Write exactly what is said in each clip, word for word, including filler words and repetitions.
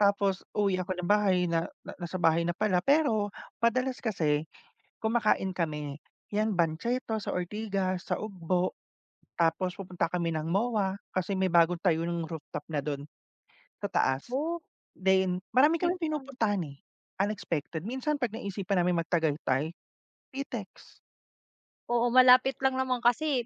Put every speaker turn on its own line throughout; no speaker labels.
Tapos, uwi
Hmm.
ako ng bahay na nasa bahay na pala. Pero, madalas kasi kumakain kami. Yan, banchetto sa Ortigas, sa Ugbo, tapos pupunta kami ng MOA. Kasi may bagong tayo nang rooftop na dun, sa taas.
Oh.
Then, marami kaming
Likuran.
pinupuntahan, eh, unexpected. Minsan, 'pag naisipan naming mag-Tagaytay, Pitex.
Oo, malapit lang naman kasi,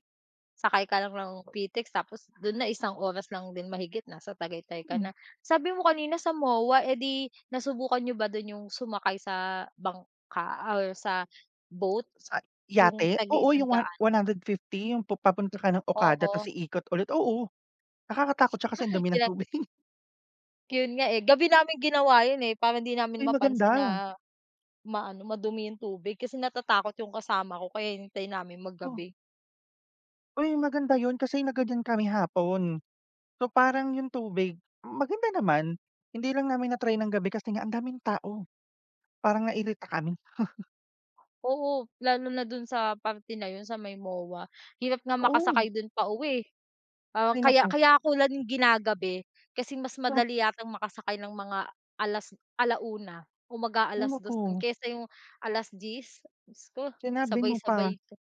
sakay ka lang ng pitex. Tapos dun na, isang oras lang din mahigit nasa tagaytay ka
Hmm.
na. Sabi mo kanina sa MOA, eh, di nasubukan niyo ba dun yung sumakay sa bangka or sa boat,
Sa
yung
yate, oo, yung one
tag-iisang-daan.
one hundred fifthy yung papunta ka ng Okada 'tas
Oo.
ikot ulit, oo, nakakatakot, 'tsaka sa dumi ng
Kilan
tubig.
Yun nga, eh, gabi naming ginawa yun eh, parang hindi namin
Ay
mapansin
maganda.
na ma-ano, madumi yung tubig. Kasi natatakot yung kasama ko, kaya hinihintay namin
Oh.
maggabi.
Uy, maganda yun kasi nagganyan kami hapon. So, parang yung tubig, maganda naman. Hindi lang namin na-try ng gabi kasi nga ang daming tao, parang nairita kami.
Oo, lalo na dun sa parte na yun, sa may MOA, hirap nga
Oo.
makasakay dun pauwi, eh.
Ay,
Kaya
naku.
kaya 'ko lang ginagabi kasi mas
Ta
madali yatang makasakay ng mga alas ala-una o
Hay
mag-a-alas dos
naku!
kaysa yung alas-diyes, dios ko,
Sinabi mo pa.
sabay-sabay 'to.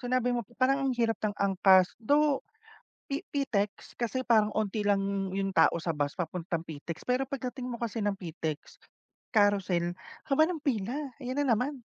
Sinabi mo parang ang hirap ng angkas. Though pi Pitex kasi parang 'onti lang yung tao sa bus papuntang Pitex. Pero pagdating mo kasi ng Pitex, Carousel, haba nga-pila. Ayan na naman.